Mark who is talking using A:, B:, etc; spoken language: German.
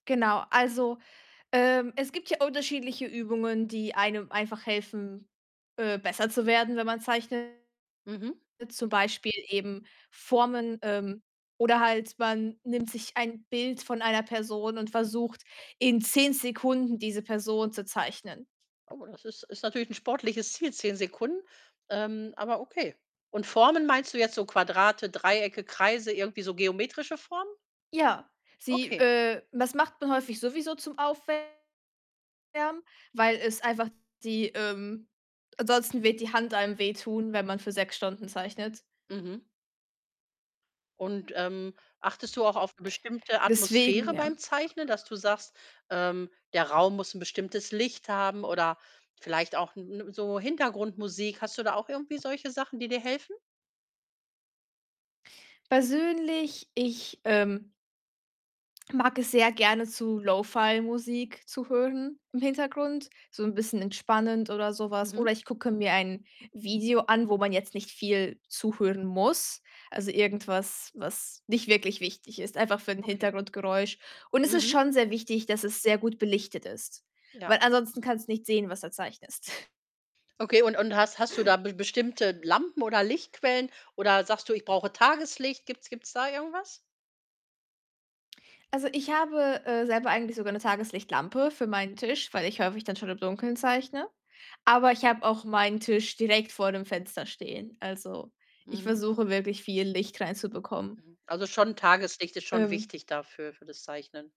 A: Genau, also, ähm, es gibt ja unterschiedliche Übungen, die einem einfach helfen, äh, besser zu werden, wenn man zeichnet,
B: Mhm.
A: zum Beispiel eben Formen, ähm, oder halt man nimmt sich ein Bild von einer Person und versucht, in 10 Sekunden diese Person zu zeichnen.
B: Oh, das ist ist natürlich 'n sportliches Ziel, 10 Sekunden. Ähm, aber okay, und Formen meinst du jetzt so Quadrate, Dreiecke, Kreise, irgendwie so geometrische Formen?
A: Ja, sie,
B: Okay.
A: äh das macht man häufig sowieso zum Aufwärmen, weil es einfach die, ähm ansonsten wird die Hand einem wehtun, wenn man für 6 Stunden zeichnet.
B: Mhm. Und, ähm, achtest du auch auf 'ne bestimmte
A: Deswegen
B: Atmosphäre
A: ja.
B: beim Zeichnen, dass du sagst, ähm, der Raum muss 'n bestimmtes Licht haben oder vielleicht auch, 'n 'ne so Hintergrundmusik, hast du da auch irgendwie solche Sachen, die dir helfen?
A: Persönlich, ich, ähm mag es sehr gerne, zu Lo-Fi-Musik zu hören im Hintergrund, so 'n bisschen entspannend oder so was.
B: Mhm.
A: Oder ich gucke mir ein Video an, wo man jetzt nicht viel zuhören muss. Also irgendwas, was nicht wirklich wichtig ist, einfach für 'n
B: Okay.
A: Hintergrundgeräusch und es ist
B: Mhm.
A: schon sehr wichtig, dass es sehr gut belichtet ist,
B: Ja.
A: weil ansonsten kannst du nicht sehen, was du zeichnest.
B: Okay, und und hast hast du da b bestimmte Lampen oder Lichtquellen, oder sagst du: „Ich brauche Tageslicht“, gibt‘s gibt‘s da irgendwas?
A: Also, ich habe, äh, selber eigentlich sogar 'ne Tageslichtlampe für meinen Tisch, weil ich häufig dann schon im Dunkeln zeichne, aber ich habe auch meinen Tisch direkt vor dem Fenster stehen. Also, ich
B: Mhm.
A: versuche wirklich viel Licht reinzubekommen.
B: Also, schon Tageslicht ist schon
A: Ähm
B: wichtig dafür, für das Zeichnen.